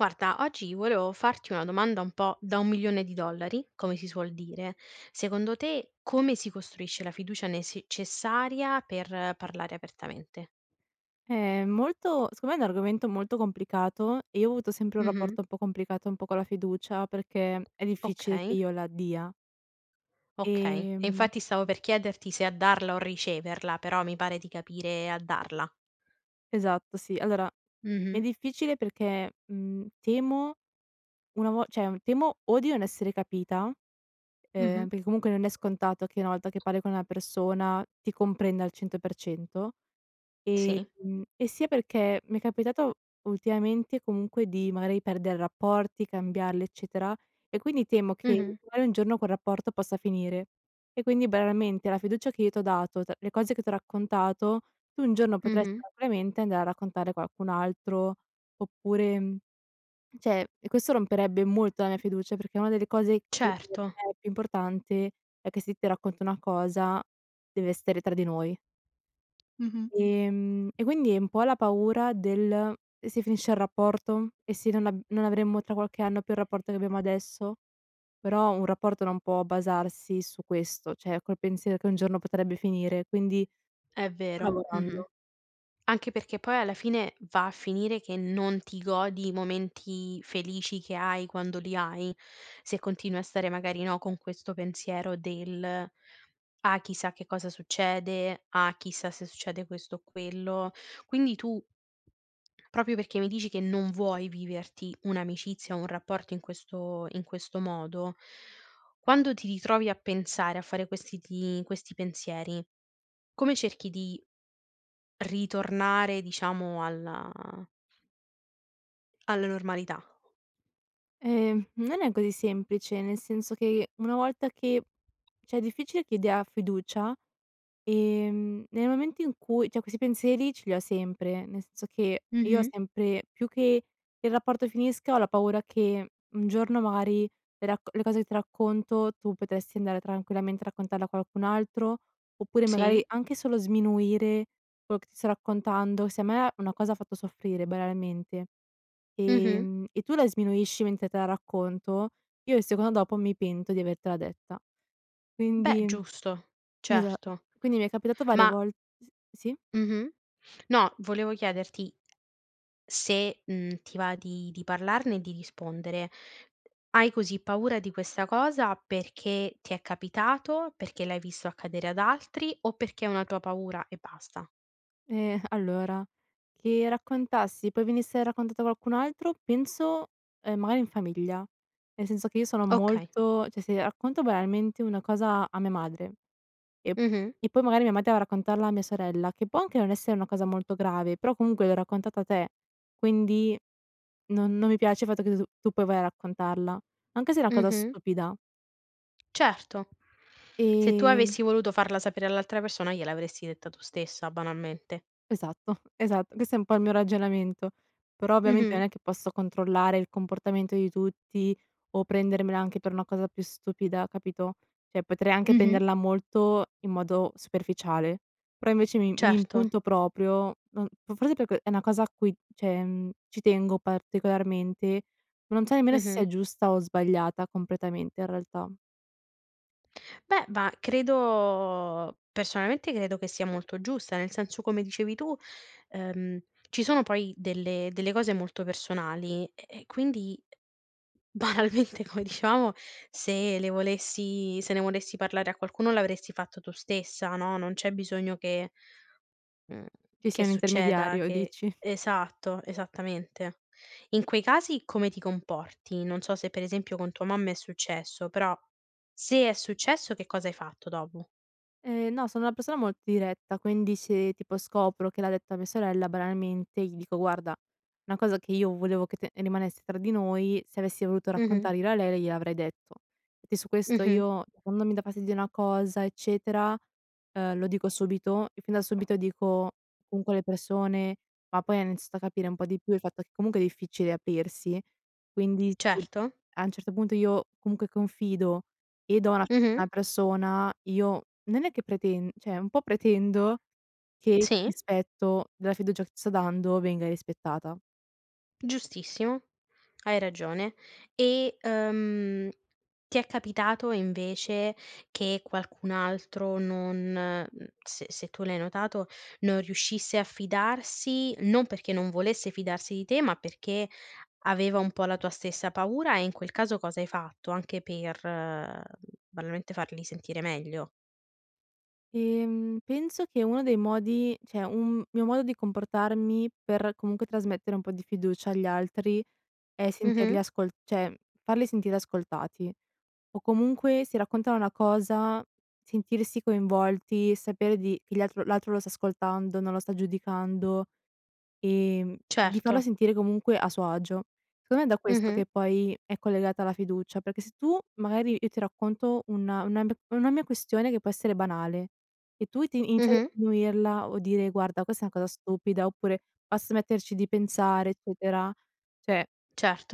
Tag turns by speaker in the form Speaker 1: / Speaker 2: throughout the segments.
Speaker 1: Guarda, oggi volevo farti una domanda un po' da 1 milione di dollari come si suol dire, secondo te come si costruisce la fiducia necessaria per parlare apertamente?
Speaker 2: Eh, molto secondo me è un argomento molto complicato, e io ho avuto sempre un
Speaker 1: Mh-mh.
Speaker 2: rapporto un po' complicato un po' con la fiducia perché è difficile che
Speaker 1: Okay.
Speaker 2: io la dia.
Speaker 1: Okay, e
Speaker 2: Ehm
Speaker 1: infatti stavo per chiederti se a darla o riceverla, però mi pare di capire a darla.
Speaker 2: Esatto sì, allora, è
Speaker 1: Mh-mh.
Speaker 2: difficile perché, mhmm, temo una vo cioè temo o di non essere capita, uhm,
Speaker 1: Mh-mh.
Speaker 2: perché comunque non è scontato che una volta che parli con una persona ti comprenda al 100%
Speaker 1: Sì.
Speaker 2: ehm, e sia perché mi è capitato ultimamente, comunque, di magari perdere rapporti, cambiarli, eccetera, e quindi temo che
Speaker 1: Mh-mh.
Speaker 2: magari un giorno quel rapporto possa finire, e quindi banalmente alla fiducia che io ti ho dato, t le cose che t'ho raccontato, tu un giorno potresti
Speaker 1: Mh-mh.
Speaker 2: probabilmente andare a raccontare qualcun altro oppure mhmm, cioè e questo romperebbe molto la mia fiducia perché una delle cose che per
Speaker 1: Certo.
Speaker 2: me è più importante è che se ti racconto una cosa dev'esser tra di noi
Speaker 1: Mh-mh.
Speaker 2: ehm, e quindi è un po' la paura del: "E se finisce il rapporto? "E se non a non avremmo tra qualche anno più il rapporto che abbiamo adesso?" Però un rapporto non può basarsi su questo, cioè col pensiero che un giorno potrebbe finire quindi,
Speaker 1: È
Speaker 2: ci sto
Speaker 1: vero, mh-mh.
Speaker 2: lavorando.
Speaker 1: Anche perché poi alla fine va a finire che non ti godi i momenti felici che hai, quando li hai, se continui a stare magari, no, con questo pensiero del: "Ah chissà che cosa succede, ah, chissà se succede questo o quello". Quindi tu proprio perché mi dici che non vuoi viverti un'amicizia, un rapporto in questo in questo modo, quando ti ritrovi a pensare a fare questi ti questi pensieri, come cerchi di ritornare diciamo alla alla normalità.
Speaker 2: Ehm, non è così semplice, nel senso che una volta che cioè è difficile che io dia fiducia, ehm, nei momenti in cui cioè questi pensieri ce li ho sempre, nel senso che io ho
Speaker 1: Mh-mh.
Speaker 2: sempre più che il rapporto finisca, ho la paura che un giorno magari racco le cose che racconto tu potresti andare tranquillamente a raccontarla a qualcun altro, oppure
Speaker 1: Sì.
Speaker 2: magari anche solo sminuire quello che ti sto raccontando, se a me una cosa ha fatto soffrire banalmente,
Speaker 1: Mh-mh.
Speaker 2: ehm, e tu la sminuisci mentre te la racconto, io il secondo dopo mi pento di avertela detta,
Speaker 1: Beh
Speaker 2: quindi
Speaker 1: giusto,
Speaker 2: esa
Speaker 1: certo,
Speaker 2: quindi mi è capitato varie
Speaker 1: ma
Speaker 2: vol s sì
Speaker 1: Mh-mh, no volevo chiederti se, mhmm, ti va di di parlarne e di rispondere, hai così paura di questa cosa perché ti è capitato, perché l'hai visto accadere ad altri, o perché è una tua paura e basta?
Speaker 2: Eh, allora, che raccontassi poi venisse raccontato a qualcun altro penso, ehm, magari in famiglia, nel senso che io sono
Speaker 1: Okay.
Speaker 2: molto cioè se racconto banalmente una cosa a mia madre, e p
Speaker 1: Mh-mh.
Speaker 2: e poi magari mia madre va a raccontarla a mia sorella, che può anche non essere una cosa molto grave, però comunque l'ho raccontata te, quindi non non mi piace i fatto che tu tu poi vai a raccontarla, anche se è una cosa
Speaker 1: Mh-mh.
Speaker 2: stupida.
Speaker 1: Certo. Se tu
Speaker 2: E
Speaker 1: avessi voluto farla sapere all'altra persona gliel'avresti detta tu stessa, banalmente.
Speaker 2: Esatto esatto. Questo è un po' il mio ragionamento. Però ovviamente
Speaker 1: Mh-mh.
Speaker 2: non è che posso controllare il comportamento di tutti o prendermela anche per una cosa più stupida capito? Cioè potrei anche
Speaker 1: Mh-mh.
Speaker 2: prenderla molto in modo superficiale, però invece mi mi
Speaker 1: Certo.
Speaker 2: impunto proprio. No, f forse perché è una cosa a cui cioè mhmm, ci tengo particolarmente, non so nemmeno se sia
Speaker 1: Mh-mh.
Speaker 2: giusta o sbagliata completamente in realtà.
Speaker 1: Beh, ba credo personalmente credo che sia molto giusta. Nel senso, come dicevi tu, ehm, ci sono poi delle delle cose molto personali e e quindi, banalmente, come dicevamo se le volessi se ne volessi parlare a qualcuno l'avresti fatto tu stessa no, non c'è bisogno che mhmm,
Speaker 2: Ci sia
Speaker 1: che
Speaker 2: un
Speaker 1: succeda
Speaker 2: intermediario
Speaker 1: che
Speaker 2: dici.
Speaker 1: esatto, esattamente. In quei casi come ti comporti? Non so, se per esempio con tua mamma è successo però se è successo che cosa hai fatto dopo?
Speaker 2: Ehm no, sono una persona molto diretta, quindi se, tipo, scopro che l'ha detta mia sorella, banalmente, gli dico: "Guarda una cosa che io volevo che te rimanesse tra di noi, se avessi voluto
Speaker 1: Mh-mh.
Speaker 2: raccontare io a lei gliel'avrei detto." E che su questo
Speaker 1: Mh-mh.
Speaker 2: io quando mi dà fastidio una cosa eccetera, ehm, lo dico subito e fin da subito dico comunque alle persone ma poi hanno iniziato a capire un po' di più il fatto che comunque è difficile aprirsi, quindi sì
Speaker 1: Certo.
Speaker 2: a un certo punto io comunque confido e do [unintelligible] a una
Speaker 1: Mh-mh.
Speaker 2: persona io non è che preten cioè un po' pretendo che il
Speaker 1: Sì.
Speaker 2: rispetto della fiducia che sto dando venga rispettata.
Speaker 1: Giustissimo. Hai ragione. E, ehm, ti è capitato invece che qualcun altro non mhmm, se se tu l'hai notato, non riuscisse a fidarsi, non perché non volesse fidarsi di te, ma perché aveva un po' la tua stessa paura e in quel caso cosa hai fatto? Anche per, ehm, banalmente farli sentire meglio.
Speaker 2: Ehm, penso che uno dei modi cioè un mio modo di comportarmi per, comunque, trasmettere un po' di fiducia agli altri è sentirli
Speaker 1: Mh-mh.
Speaker 2: ascol cioè farli sentire ascoltati. O comunque se raccontano una cosa, sentirsi coinvolti, sapere di che l'altro l'altro lo sta ascoltando, non lo sta giudicando, ehm, di farlo
Speaker 1: Certo.
Speaker 2: sentire comunque a suo agio. Secondo me è da questo
Speaker 1: Mh-mh.
Speaker 2: che poi è collegata la fiducia, perché se tu magari io ti racconto una una m una mia questione che può essere banale e tu ti inizi a
Speaker 1: Mh-mh.
Speaker 2: sminuirla o dire: "Guarda questa è una cosa stupida" oppure "Basta metterci di pensare" eccetera. Cioè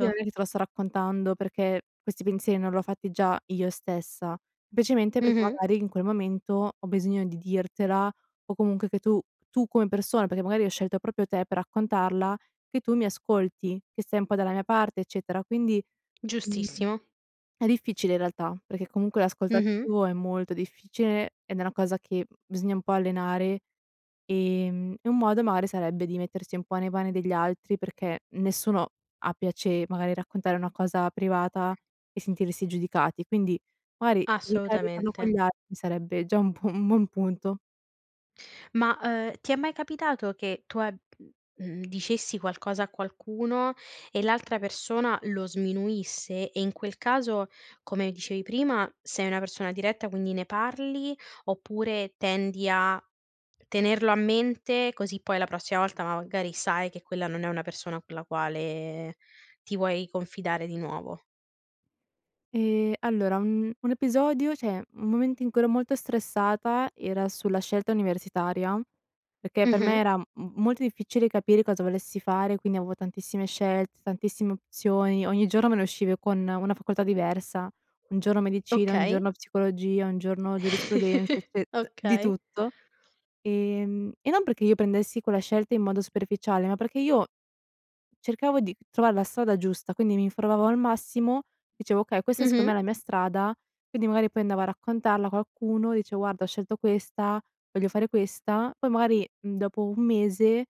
Speaker 2: io non è che te lo sto raccontando perché questi pensieri non li ho fatti già io stessa, semplicemente perché
Speaker 1: Mh-mh.
Speaker 2: magari in quel momento ho bisogno di dirtela o comunque che tu tu come persona, perché magari ho scelto proprio te per raccontarla che tu mi ascolti, che sei un po' dalla mia parte, eccetera. Quindi, mhmm,
Speaker 1: Giustissimo.
Speaker 2: è difficile in realtà perché comunque l'ascolto
Speaker 1: Mh-mh.
Speaker 2: attivo è molto difficile ed è una cosa che, mhmm, bisogna un po' allenare. Ehm, e un modo magari sarebbe di mettersi un po' nei pani degli altri perché nessuno ha piacere magari a raccontare una cosa privata e sentirsi giudicati, quindi magari evitare di farlo con
Speaker 1: Assolutamente.
Speaker 2: gli altri sarebbe già un buon un buon punto.
Speaker 1: Ma, uhm, ti è mai capitato che tu a mhmm, dicessi qualcosa a qualcuno e l'altra persona lo sminuisse e, in quel caso, come dicevi prima, sei una persona diretta quindi ne parli, oppure tendi a tenerlo a mente, così poi la prossima volta magari sai che quella non è una persona con la quale ti vuoi confidare di nuovo?
Speaker 2: Ehm, allora, un un episodio, cioè un momento in cui ero molto stressata, era sulla scelta universitaria, perché per me
Speaker 1: Mh-mh.
Speaker 2: era m m molto difficile capire cosa volessi fare, quindi avevo tantissime scelte, tantissime opzioni, ogni giorno me ne uscivi con una facoltà diversa, un giorno medicina, un
Speaker 1: Okay.
Speaker 2: giorno psicologia, un giorno giurisprudenza, cioè d di
Speaker 1: Okay.
Speaker 2: tutto, ehm, e non perché io prendessi quella scelta in modo superficiale, ma perché io cercavo di trovar la strada giusta, quindi m'informavo al massimo, dicevo: "Okay questa secondo
Speaker 1: Mh-mh.
Speaker 2: me è la mia strada." Quindi magari poi andavo a raccontarla a qualcuno, dicevo: "Guarda ho scelto questa, voglio fare questa." Poi magari, mhmm, dopo 1 mese,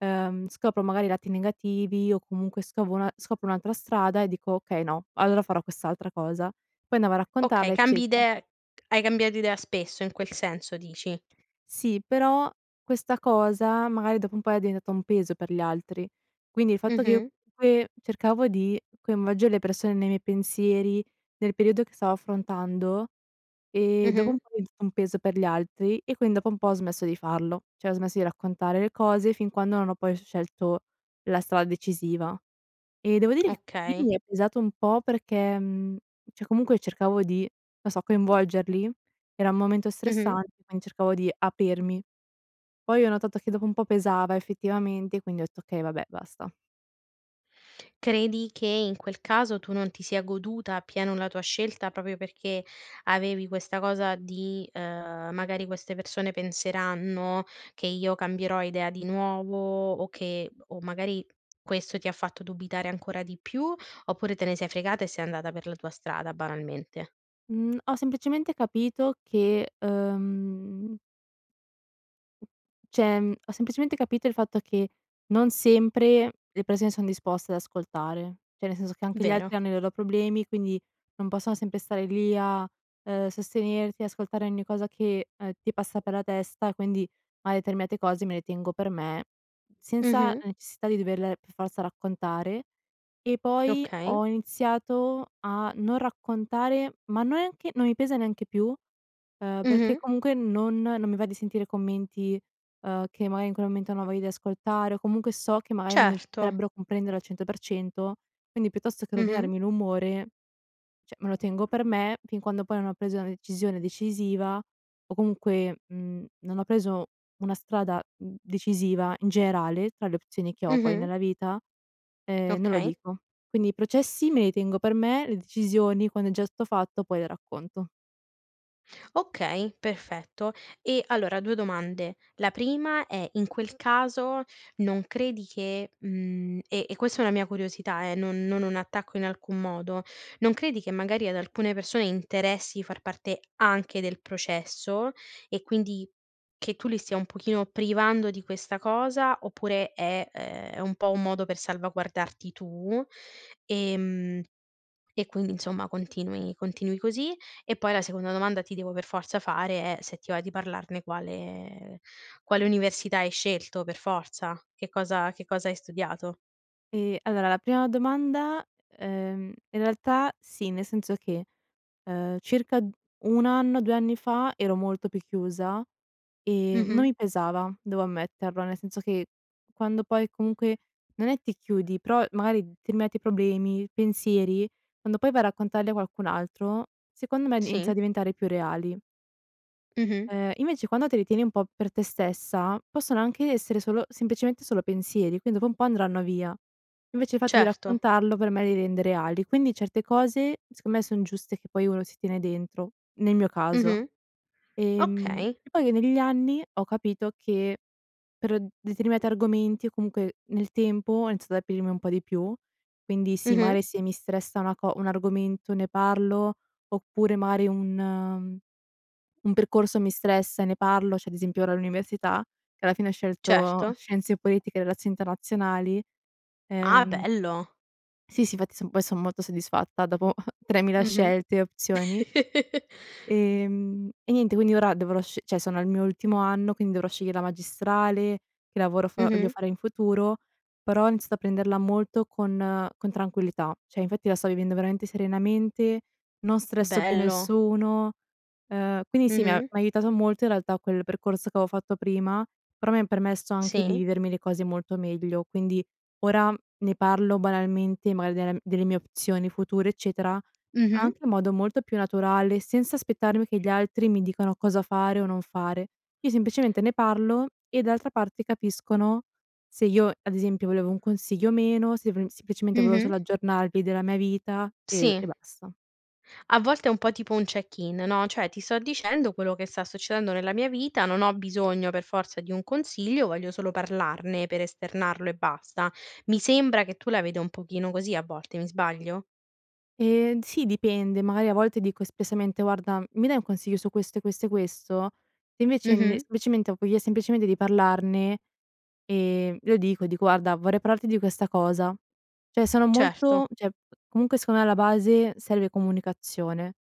Speaker 2: uhm, scopro magari i lati negativi o comunque scovo una scopro un'altra strada e dico: "Okay no, allora farò quest'altra cosa." Poi andavo a
Speaker 1: Okay
Speaker 2: raccontarla,
Speaker 1: cambi
Speaker 2: eccetera.
Speaker 1: idee hai cambiato idea spesso, in quel senso dici?
Speaker 2: Sì, però questa cosa magari dopo un po' era diventata un peso per gli altri, quindi il fatto che io,
Speaker 1: Mh-mh.
Speaker 2: comunque, cercavo di coinvolgere le persone nei miei pensieri, nel periodo che stavo affrontando e dopo un
Speaker 1: Mh-mh.
Speaker 2: po' è diventato un peso per gli altri e quindi dopo un po' ho smesso di farlo, cioè ho smesso di raccontare le cose, fin quando non ho poi scelto la strada decisiva e, devo dire che lì,
Speaker 1: Okay.
Speaker 2: mi è pesato un po' perché mhmm, cioè comunque cercavo di, non so, coinvolgerli era un momento
Speaker 1: Mh-mh.
Speaker 2: stressante, quindi cercavo di aprirmi. Poi ho notato che dopo un po' pesava effettivamente quindi ho detto: "Okay, vabbè basta."
Speaker 1: Credi che in quel caso tu non ti sia goduta appieno la tua scelta, proprio perché avevi questa cosa di uhm: "Magari queste persone penseranno che io cambierò idea di nuovo." O che o magari questo ti ha fatto dubitare ancora di più, oppure te ne sei fregata e sei andata per la tua strada, banalmente?
Speaker 2: Mhmm, ho semplicemente capito che, uhm cioè, mhmm, ho semplicemente capito il fatto che non sempre le persone son disposte ad ascoltare. Cioè nel senso che anche gli
Speaker 1: Vero.
Speaker 2: altri hanno i loro problemi, quindi non possono sempre stare lì a, uhm, sostenerti, ascoltare ogni cosa che, uhm, ti passa per la testa, e quindi mari determinate cose me le tengo per me, senza
Speaker 1: Mh-mh.
Speaker 2: necessità di doverle per forza raccontare. E poi
Speaker 1: Okay.
Speaker 2: ho iniziato a non raccontare ma neanche non mi pesa neanche più. Uhm, perché
Speaker 1: Mh-mh.
Speaker 2: comunque non non mi va di sentire commenti, uhm, che magari in quel momento non ho voglia di ascoltare o comunque so che magari non mi
Speaker 1: Certo.
Speaker 2: potrebbero comprendere al 100%. Quindi piuttosto che
Speaker 1: Mh-mh.
Speaker 2: rovinarmi l'umore, cioè me lo tengo per me. Fin quando poi non ho preso una decisione decisiva, o comunque, mhmm, non ho preso una strada, mhmm, decisiva in generale tra le opzioni che ho poi
Speaker 1: Mh-mh.
Speaker 2: nella vita, ehm, non lo
Speaker 1: Okay.
Speaker 2: dico. Quindi i processi me li tengo per me, le decisioni quando è già stato fatto poi le racconto.
Speaker 1: Okay, perfetto, e allora 2 domande: la prima è in quel caso non credi che, mhmm, e e questa è una mia curiosità, eh, non non un attacco in alcun modo. Non credi che magari ad alcune persone interessi di far parte anche del processo, e quindi che tu li stia un pochino privando di questa cosa. Oppure è ehm, è un po' un modo per salvaguardarti tu, ehm, e quindi insomma continui continui così e poi la seconda domanda, ti devo per forza fare è, se ti va di parlarne, quale quale università hai scelto, per forza, che cosa che cosa hai studiato?
Speaker 2: Ehm, allora la prima domanda uhm, in realtà sì, nel senso che, uhm, circa 1 anno, 2 anni fa ero molto più chiusa e non
Speaker 1: Mh-mh.
Speaker 2: mi pesava, devo ammetterlo, nel senso che, quando poi, comunque non è ti chiudi, però magari determinati problemi, pensieri, quando poi vai a raccontarli a qualcun altro, secondo me, inizia
Speaker 1: Sì.
Speaker 2: a diventare più reali.
Speaker 1: Mh-mh.
Speaker 2: Ehm, invece quando te li tieni un po' per te stessa, possono anche essere solo semplicemente solo pensieri, quindi dopo un po' andranno via. Invece il fatto di
Speaker 1: Certo.
Speaker 2: raccontarlo per me li rende reali, quindi certe cose secondo me son giuste che poi uno si tiene dentro, nel mio caso.
Speaker 1: Mh-mh.
Speaker 2: Ehm,
Speaker 1: Okay.
Speaker 2: poi negli anni ho capito che pr determinati argomenti, o comunque nel tempo, ho iniziato ad aprirmi un po' di più, quindi sì, magari
Speaker 1: Mh-mh.
Speaker 2: se mi stressa una co un argomento ne parlo. Oppure magari un un percorso mi stressa e ne parlo, cioè ad esempio ora all'università, che alla fine ho scelto
Speaker 1: Certo.
Speaker 2: scienze politiche e relazioni internazionali,
Speaker 1: Ah,
Speaker 2: ehm
Speaker 1: bello!
Speaker 2: Sì, sì, infatti poi sono molto soddisfatta dopo 3000
Speaker 1: Mh-mh.
Speaker 2: scelte e opzioni. Ehm, e niente quindi ora dovrò scegl cioè, sono al mio ultimo anno, quindi dovrò sceglier la magistrale, che lavoro f voglio
Speaker 1: Mh-mh.
Speaker 2: fare in futuro, però ho iniziato a prenderla molto con con tranquillità. Cioè, infatti la sto vivendo veramente serenamente, non stresso più
Speaker 1: Bello!
Speaker 2: nessuno, uhm, quindi sì mi ha
Speaker 1: Mh-mh.
Speaker 2: m'ha aiutato molto in realtà quel percorso che avo fatto prima, però mi ha permesso anche di
Speaker 1: Sì.
Speaker 2: vivermi le cose molto meglio, quindi ora ne parlo banalmente, magari, del delle mie opzioni future, eccetera,
Speaker 1: Mh-mh.
Speaker 2: anche in modo molto più naturale senza aspettarmi che gli altri mi dicano cosa fare o non fare. Io semplicemente ne parlo, e d'altra parte capiscono se io, ad esempio, volevo un consiglio o meno, sev semplicemente volevo
Speaker 1: Mh-mh.
Speaker 2: solo aggiornarvi della mia vita e
Speaker 1: Sì.
Speaker 2: e basta.
Speaker 1: A volte è un po' tipo un check-in no, cioè ti sto dicendo quello che sta succedendo nella mia vita, non ho bisogno per forza di un consiglio, voglio solo parlarne per esternarlo e basta. Mi sembra che tu la veda un pochino così a volte, mi sbaglio?
Speaker 2: Ehm, sì, dipende, magari a volte dico espressamente: "Guarda, mi dai un consiglio su questo e questo e questo?" Se invece, n
Speaker 1: Mh-mh.
Speaker 2: semplicemente ho voglia semplicemente di parlarne, ehm, lo dico, dico: "Guarda, vorrei parlarti di questa cosa." Cioè sono molto
Speaker 1: Certo.
Speaker 2: cioè comunque, secondo me, alla base serve comunicazione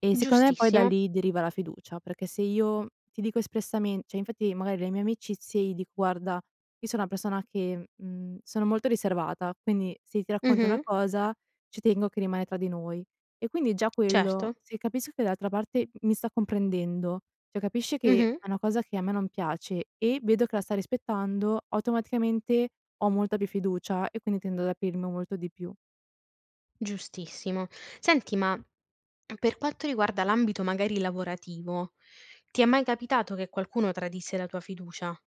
Speaker 2: e secondo me poi da
Speaker 1: Giustissimo.
Speaker 2: lì deriva la fiducia, perché se io ti dico espressamen cioè infatti, magari, le mie amicizie gli dico: "Guarda io so una persona che mhmm, sono molto riservata, quindi se ti racconto una
Speaker 1: Mh-mh.
Speaker 2: cosa ci tengo che rimane tra di noi." E quindi già quello,
Speaker 1: Certo.
Speaker 2: se capisco che dall'altra parte m mi sta comprendendo, cioè, capisci che
Speaker 1: Mh-mh.
Speaker 2: è una cosa che a me non piace e vedo che la sta rispettando, automaticamente ho molta più fiducia e quindi tendo ad aprirmi molto di più.
Speaker 1: Giustissimo. Senti, m per quanto riguarda l'ambito magari lavorativo, ti è mai capitato che qualcuno tradisse la tua fiducia?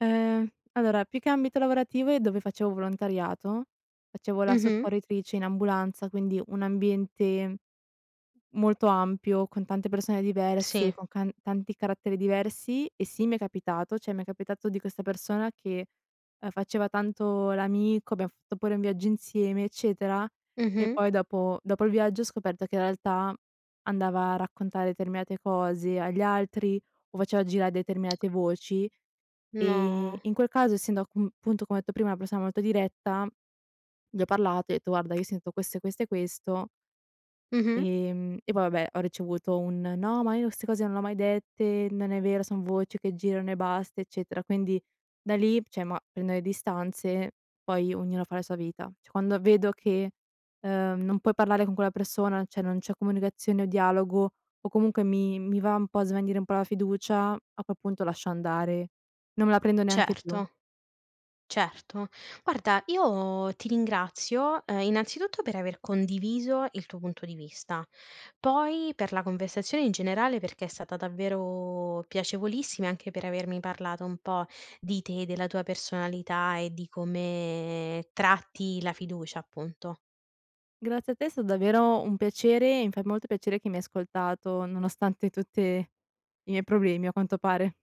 Speaker 2: Uhm, allora più che ambito lavorativo è dove facevo volontariato, facevo la
Speaker 1: Mh-mh.
Speaker 2: soccorritrice in ambulanza, quindi un ambiente molto ampio con tante persone diverse,
Speaker 1: Sì.
Speaker 2: con can tanti caratteri diversi e sì, mi è capitato. Cioè m'è capitato di questa persona che, uhm, faceva tanto l'amico, abbiam fatto pure un viaggio insieme eccetera, e
Speaker 1: Mh-mh.
Speaker 2: poi dopo dopo il viaggio ho scoperto che in realtà andava a raccontare determinate cose agli altri, o faceva gira determinate voci. Ehm,
Speaker 1: No.
Speaker 2: in quel caso essendo a cun punto come ho detto prima una persona molto diretta, gli ho parlato e ho detto: "Guarda io sento questo e questo e questo"
Speaker 1: Mh-mh.
Speaker 2: ehm, e poi vabbè ho ricevuto un: "No, ma io ste cose non le ho mai dette, non è vero, son voci che girano e basta, eccetera." Quindi da lì, cioè, ma prendo le distanze, poi ognuna fa la sua vita. Cioè quando vedo che, uhm, non puoi parlare con quella persona, cioè, non c'è comunicazione o dialogo, o comunque mi mi va un po' a svanire un po' la fiducia, a quel punto lascio andare, non me la prendo neanche più.
Speaker 1: Certo, certo. Guarda io ti ringrazio, uhm, innanzitutto per aver condiviso il tuo punto di vista. Poi per la conversazione in generale, perché è stata davvero piacevolissima, e anche per avermi parlato un po' di te, della tua personalità e di come tratti la fiducia, appunto.
Speaker 2: Grazie a te, è sta davvero un piacere e mi fa molto piacere che mi hai ascoltato nonostante tutte i miei problemi, a quanto pare.